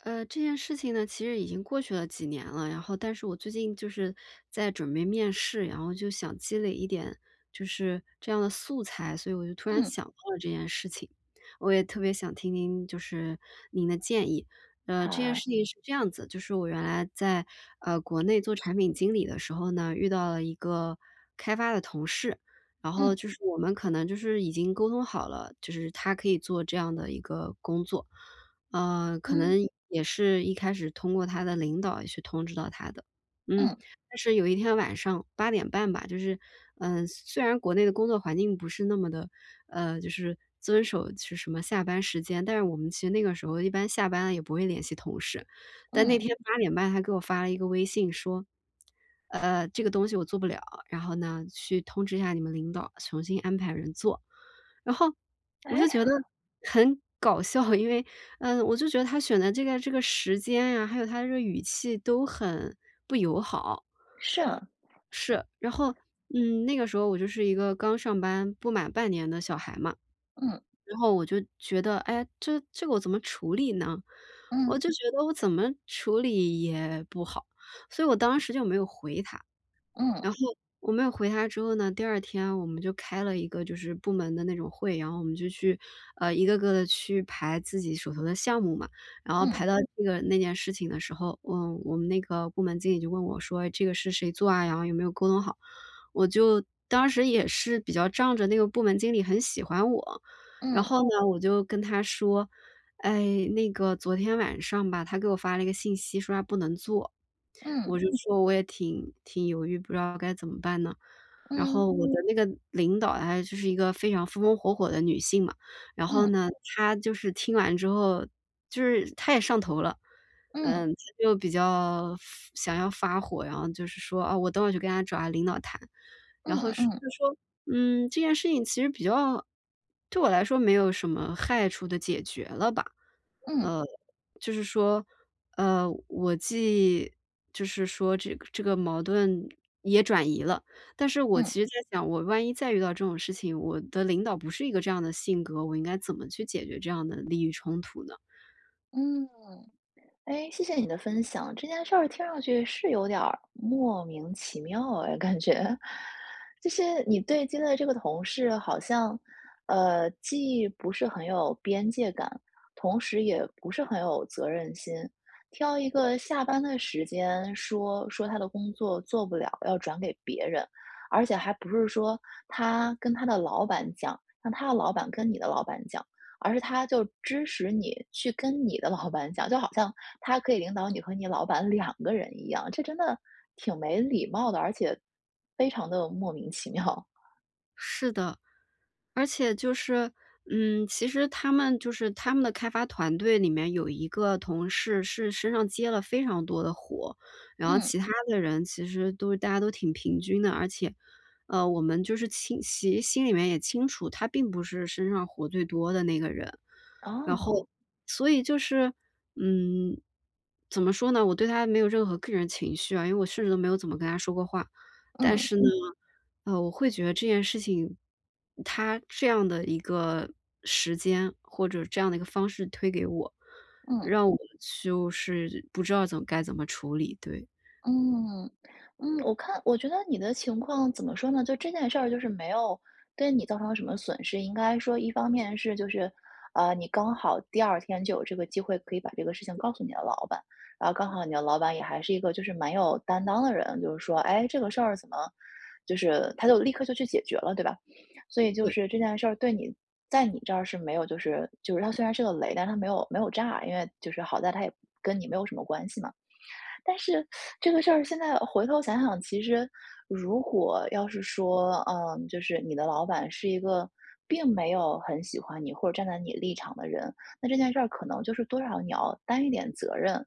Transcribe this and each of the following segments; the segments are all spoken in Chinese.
呃，这件事情呢，其实已经过去了几年了。然后但是我最近就是在准备面试，然后就想积累一点就是这样的素材，所以我就突然嗯。想到了这件事情，我也特别想听听就是您的建议。呃，这件好。事情是这样子，就是我原来在，呃，国内做产品经理的时候呢，遇到了一个开发的同事。然后，嗯。就是我们可能就是已经沟通好了，就是他可以做这样的一个工作。呃，可嗯。能也是一开始通过他的领导去通知到他的。嗯，嗯。但是有一天晚上8:30吧，就是，嗯，虽虽然国内的工作环境不是那么的呃，就是遵守其什么下班时间。但是我们其实那个时候，一般下班了也不会联系同事。但那嗯。天8:30他给我发了一个微信说：“呃，这个东西我做不了，然后呢，去通知一下你们领导，重新安排人做。”然后，我诶？就觉得 很搞笑，因为，呃，我就觉得他选的这个这个时间啊，还有他这个语气都很不友好。是啊。是。然后，嗯，那个时候我就是一个刚上班不满半年的小孩嘛。嗯。然后我就觉得：“诶，这这个我怎么处理呢？”我嗯。就觉得我怎么处理也不好，所以我当时就没有回他。嗯。然后我没有回他之后呢，第2天我们就开了一个就是部门的那种会，然后我们就去，呃，一个个地去排自己手头的项目嘛。然后嗯。排到这个那件事情的时候，我我们那个部门经理就问我说：“哎，这个是谁做啊，然后有没有沟通好。”我就当时也是比较仗着那个部门经理很喜欢我，然嗯。后呢，我就跟她说：“哎，那个昨天晚上吧，他给我发了一个信息，说他不能做。”嗯。我就说：“我也挺挺犹豫，不知道该怎么办呢。”然嗯。后我的那个领导，哎，就是一个非常风风火火的女性嘛，然后嗯。呢，她就是听完之后就是她也上头了。嗯。嗯，她就比较发想要发火，然后就是说：“哦，我等会去跟他找他领导谈。”然嗯后嗯说嗯。就说嗯，这件事情其实比较对我来说没有什么害处地解决了吧。嗯。呃，就是说，呃，我既就是说这个这个矛盾也转移了。但是我嗯。其实在想，我万一再遇到这种事情，我的领导不是一个这样的性格，我应该怎么去解决这样的利益冲突呢？嗯。诶，谢谢你的分享，这件事儿听上去，是有点儿莫名其妙哎，感觉。这些你对接的这个同事好像，呃，既不是很有边界感，同时也不是很有责任心。挑一个下班的时间说说他的工作做不了，要转给别人。而且还不是说他跟他的老板讲，让他的老板跟你的老板讲，而是他就支使你去跟你的老板讲。就好像他可以领导你和你老板2个人一样，这真的挺没礼貌的，而且非常地莫名其妙。是的。而且就是，嗯，其实他们就是他们的开发团队里面，有一个同事是身上接了非常多的活，然后嗯。其他的人其实都大家都挺平均的。而且，呃，我们就是秦其实心里面也清楚，他并不是身上活最多的那个人。然后哦。所以就是，嗯，怎么说呢，我对他没有任何个人情绪啊，因为我甚至都没有怎么跟他说过话。但嗯。是呢，嗯，我会觉得这件事情他这样的一个时间，或者这样的一个方式推给我，嗯。让我就是不知道怎该怎么处理，对。嗯，嗯。我看我觉得你的情况，怎么说呢，就这件事儿就是没有对你造成什么损失。应该说一方面是就是，嗯，你刚好第2天就有这个机会，可以把这个事情告诉你的老板，然后刚好你的老板也还是一个，就是蛮有担当的人，就是说“诶，这个事儿怎么”就是，他就立刻就去解决了，对吧？所以就对。是这件事儿对你在你这儿是没有就是就是它虽然是个雷，但它没有没有炸，因为就是好在它也跟你没有什么关系嘛。但是 这个事儿现在，呃，回头想想，其实如果要是说，嗯，就是你的老板是一个并没有很喜欢你，或者站在你立场的人，那这件事儿可能就是多少你要担一点责任。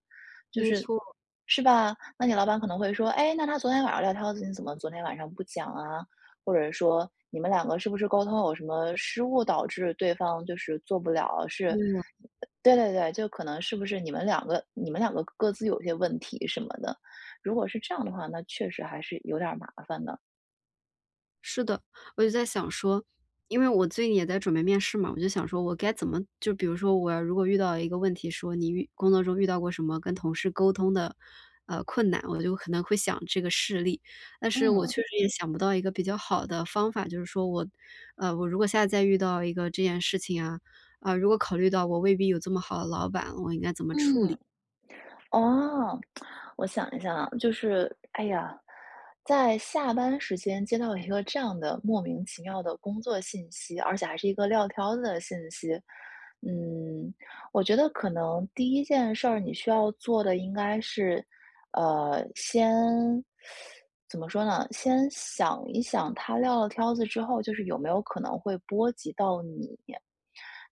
就没是错。是吧？那你老板可能会说：“哎，那他昨天晚上撂挑子，你怎么昨天晚上不讲啊？”或者说：“你们两个是不是沟通有什么失误，导致对方就是做不了？是嗯。"呃，对对对，就可能是不是你们两个你们两个各各自有些问题什么的。如果是这样的话，那确实还是有点儿麻烦的。是的。我就在想说因为我最近也在准备面试嘛，我就想说我该怎么就比如说，我要如果遇到一个问题，说：“你遇工作中遇到过什么跟同事沟通的，呃，困难”，我就可能会想这个事例，但是我嗯。确实也想不到一个比较好的方法。就是说我呃，我如果下次再遇到一个这件事情啊，呃，如果考虑到我未必有这么好的老板，我应该怎么处嗯。理？哦，我想一想啊。就是哎呀，在下班时间接到一个这样的莫名其妙的工作信息，而且还是一个撂挑子的信息。嗯，我觉得可能第一件事儿，你需要做的应该是，呃，先 怎么说呢，先想一想他撂了挑子之后，就是有没有可能会波及到你。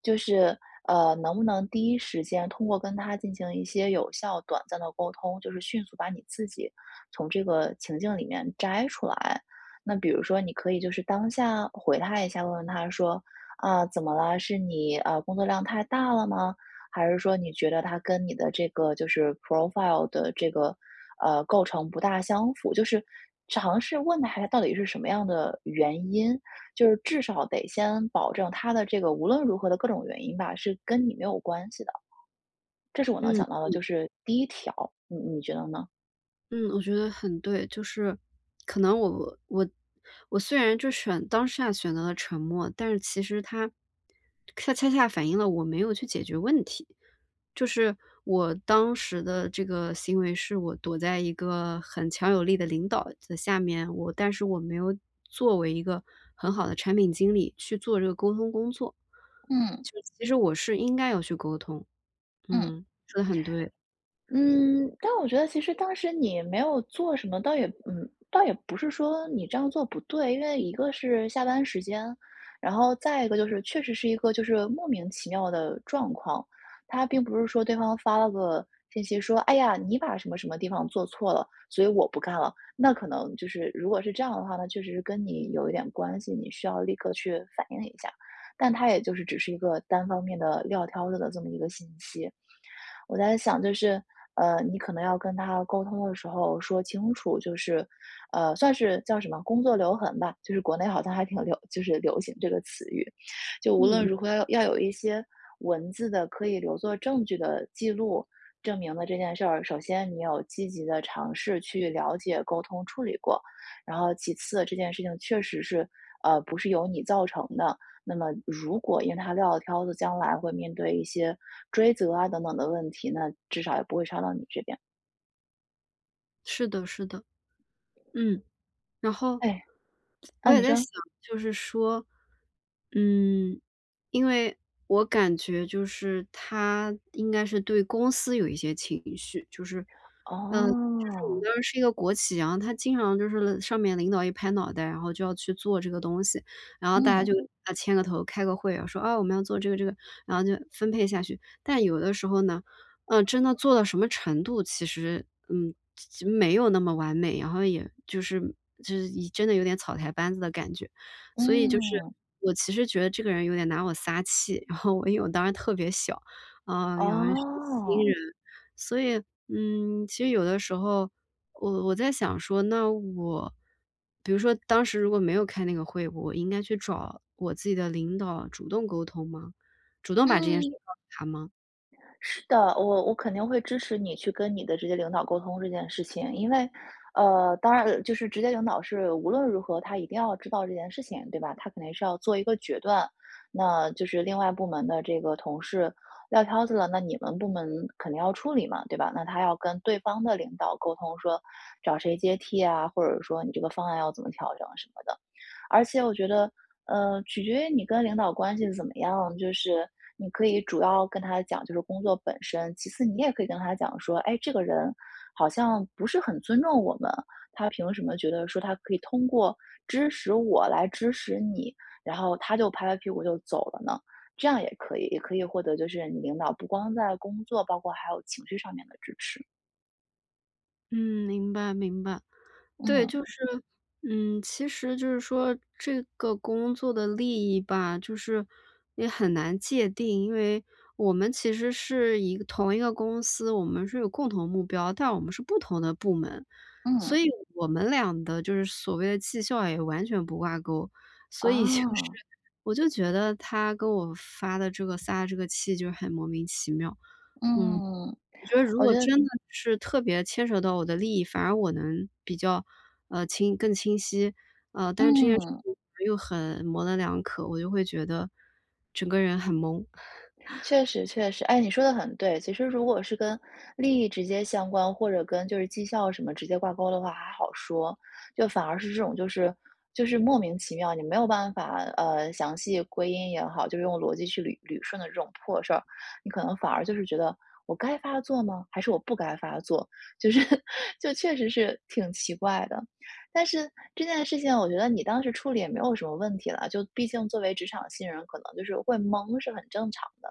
就是，呃，能不能第一时间，通过跟他进行一些有效、短暂的沟通，就是迅速把你自己，从这个情境里面摘出来。那比如说你可以就是当下回他一下，问问他说：“啊，怎么了？是你，呃，工作量太了吗？还是说，你觉得它跟你的这个就是 profile 的这个，呃，构成不大相符？”就是尝试问他一下，到底是什么样的原因，就是至少得先保证，他的这个无论如何的各种原因吧，是跟你没有关系的。这是我能嗯，想到的，嗯。就是第一条，你你觉得呢？嗯，我觉得很对。就是，可能我我我虽然就选当下选择了沉默，但是其实它它恰恰反映了我没有去解决问题。就是我当时的这个行为，是我躲在一个很强有力的领导的下面，我但是我没有作为一个很好的产品经理，去做这个沟通工作。嗯。就其实我是应该要去沟通。嗯。嗯，说得很对。嗯，但我觉得其实当时你没有做什么，倒也嗯，倒也不是说你这样做不对。因为一个是下班时间，然后再一个就是，确实是一个就是莫名其妙的状况。它并不是说对方发了个信息说：“哎呀！你把什么什么地方做错了，所以我不干了。”那可能就是如果是这样的话，那确实是跟你有一点关系，你需要立刻去反映一下。但它也就是只是一个单方面地撂挑子的这么一个信息。我在想就是，呃，你可能要跟他沟通的时候说清楚，就是，呃，算是叫什么“工作留痕”吧。就是国内好像还挺流就是流行这个词语。就无嗯。论如何要要有一些文字的，可以留作证据的记录，证明了这件事儿。首先你有积极地尝试去了解、沟通、处理过。然后其次，这件事情确实是，呃，不是由你造成的，那么如果因为他撂了挑子，将来会面对一些追责啊，等等的问题，那至少也不会烧到你这边。是的是的，嗯，然后，哎，我啊，也你在说。想，就是说，嗯，因为我感觉就是他应该是对公司有一些情绪，就是呃，就是我们哦。当时是一个国企，然后他经常就是了上面领导一拍脑袋，然后就要去做这个东西。然后大家嗯。就要牵个头、开个会，说：“啊，我们要做这个这个。”然后就分配下去，但有的时候呢，呃，真的做到什么程度，其实，嗯，其其没有那么完美，然后也就是就是一真的有点草台班子的感觉。所以就是，嗯。我其实觉得这个人有点拿我撒气，然后，因为我当时特别小，啊，原来是新哦。人。所以，嗯，其实有的时候，我我在想说，那我比如说当时如果没有开那个会，我应该去找，我自己的领导，主动沟通吗？主动把这件事嗯。告诉她吗？是的。我我肯定会支持你，去跟你的直接领导沟通这件事情。因为，呃，当然呃，就是直接领导是无论如何，她一定要知道这件事情，对吧？她肯定是要做一个决断，那就是另外部门的这个同事撂挑子了，那你们部门肯定要处理嘛，对吧？那她要跟对方的领导沟通，说：“找谁接替啊？”或者说：“你这个方案要怎么调整？”什么的。而且我觉得，呃，取决于你跟领导关系怎么样，就是你可以主要跟他讲，就是工作本身，其次你也可以跟他讲说：“哎，这个人好像不是很尊重我们，他凭什么觉得说，他可以通过支使我，来支使你，然后他就拍拍屁股就走了呢？”这样也可以也可以获得就是你领导不光在工作，包括还有情绪上面的支持。嗯，明白明白。对，嗯。就是嗯，其实就是说这个工作的利益吧，就是，也很难界定。因为我们其实是一个同一个公司，我们是有共同目标，但我们是不同的部门，所嗯。以我们俩的就是所谓的绩效也完全不挂钩。所以就是啊。我就觉得他跟我发的这个撒的这个气就很莫名其妙。嗯，嗯，我觉得如我果觉得真的是特别牵扯到我的利益，反而我能比较，呃，清更清晰。呃，但是这件事嗯。情又很模棱两可，我就会觉得，整个人很懵。确实确实。哎，你说得很对。其实如果是跟利益直接相关，或者跟就是绩效什么直接挂钩的话还好说。就反而是这种，就是就是莫名其妙，你没有办法呃，详细归因也好，就用逻辑去捋捋顺的这种破事儿，你可能反而就是觉得：“我该发作吗？还是我不该发作？”就是就确实是挺奇怪的。但是这件事情，我觉得你当时处理也没有什么问题了，就毕竟作为职场新人，可能就是会懵，是很正常的。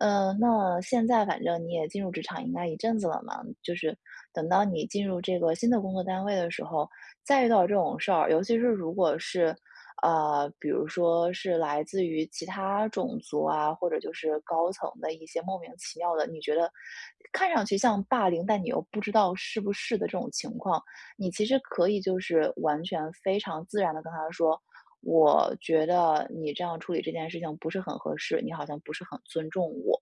呃，那现在反正你也进入职场应该一阵子了嘛，就是，等到你进入这个新的工作单位的时候，再遇到这种事儿。尤其是如果是呃，比如说是来自于其他种族啊，或者就是高层的一些莫名其妙的，你觉得，看上去像霸凌，但你又不知道是不是的这种情况，你其实可以就是完全非常自然地跟他说：“我觉得你这样处理这件事情不是很合适，你好像不是很尊重我。”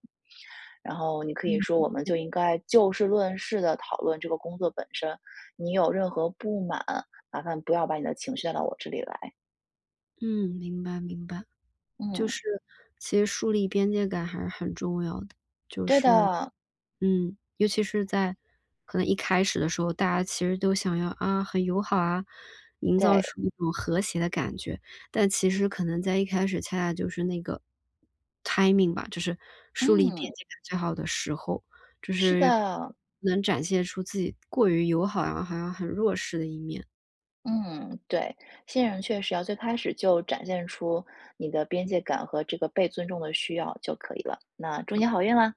然后你可以嗯说：嗯“我们嗯。就应该就事论事地讨论这个工作本身。你有任何不满，麻烦不要把你的情绪，带到我这里来。”嗯，明白明白。就嗯。是，其实树立边界感还是很重要的。就对是，的。嗯，尤其是在可能一开始的时候，大家其实都想要，啊，很友好啊，营造对。出一种和谐的感觉。但其实可能在一开始恰恰就是那个 timing 吧，就是树立嗯。边界感最好的时候，就是是的。能展现出自己过于友好，然后还要很弱势的一面。嗯，对。新人确实要最开始就展现出你的边界感，和这个被尊重的需要，就可以了，那祝你好运啦！